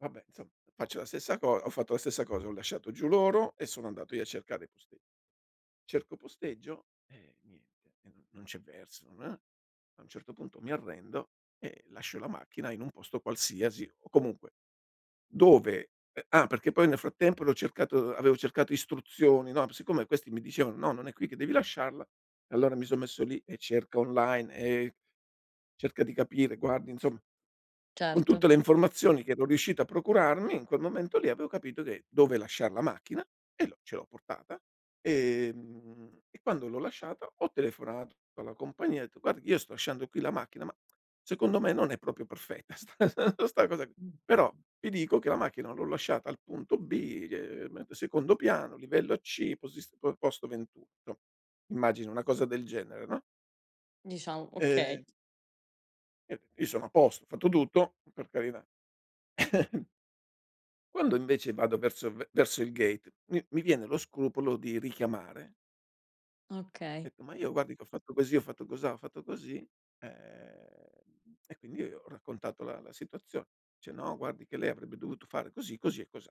Vabbè, insomma faccio la stessa cosa ho fatto la stessa cosa, ho lasciato giù loro e sono andato io a cercare poste cerco posteggio e niente, e non non c'è verso, ah. A un certo punto mi arrendo e lascio la macchina in un posto qualsiasi o comunque dove uh ah, perché poi nel frattempo l'ho cercato avevo cercato istruzioni, no, p siccome questi mi dicevano: "No, non è qui che devi lasciarla" allora mi son messo lì e cerca online e cerca di capire, guarda insomma con tutte Certo. le informazioni che ero riuscito a procurarmi in quel momento lì avevo capito che dove lasciar la macchina e l'ho ce l'ho portata, ehm, e quando l'ho lasciata ho telefonato alla compagnia e ho detto: "Guardi io sto lasciando qui la macchina, ma secondo me non è proprio perfetta sta sta cosa qui, però ti dico che la macchina l'ho lasciata al punto B, ehm, secondo piano, livello C, posi posto 21". immagina una cosa del genere, no? Diciamo, okay. E io io sono a posto, ho fatto tutto, per carità. Quando invece vado verso v verso il gate m mi viene lo scrupolo di richiamare. Ho Okay. detto: "Ma io guardi che ho fatto così, ho fatto cosà, ho fatto così", ehm, e quindi io ho raccontato la la situazione. Dice: "No guardi che lei avrebbe dovuto fare così, così e cosà".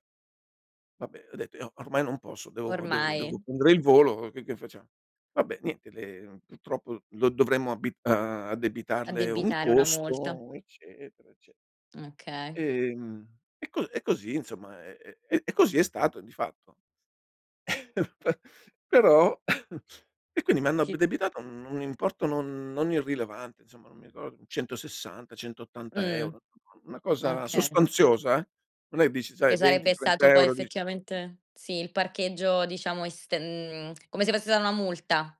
"Vabbè" ho detto: "io ormai non posso devo devo devo Ormai. prendere il volo che che facciamo?" "Vabbè, niente le purtroppo lo dovremmo abbi addebitarle un Addebitare una multa. costo" eccetera, ecce Okay. Ehm, e co e così insomma e e e così è stato, di fatto Pe però e quindi mi hanno Chi addebitato un importo non non irrilevante insomma non mi ricor 160, centottanta Mh, euro, una cosa okay. sostanziosa, eh. Non è dici sai Che 20, sarebbe trenta stato poi euro, dici effettivamente sì, il parcheggio diciamo est mhmm, come se fosse stata una multa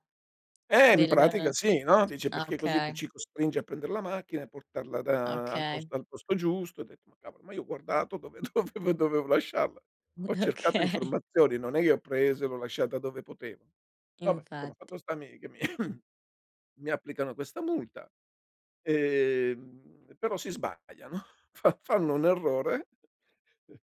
Eh, in pratica del sì, no, dice ah, "Perché così tu okay. ci costringi a prendere la macchina e portarla da al Okay. posto al posto giusto. Ho detto:" Ma cavolo, ma io ho guardato dove dovevo dovevo lasciarla. Mu Ho cercato Okay. informazioni, non è che ho preso e l'ho lasciata dove potevo. Vabbè, insomma, Infatti. fatto sta mi che mi mi applicano questa multa, ehm, però si sbagliano, fa fanno un errore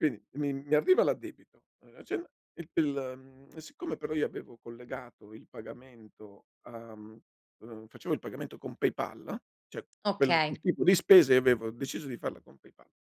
quind mi mi arriva l'addebito [unintelligible] il mhmm e siccome però io avevo collegato il pagamento a mhmm, facevo il pagamento con PayPal cioè, quel il Okay. tipo di spese io avevo deciso di farla con PayPal.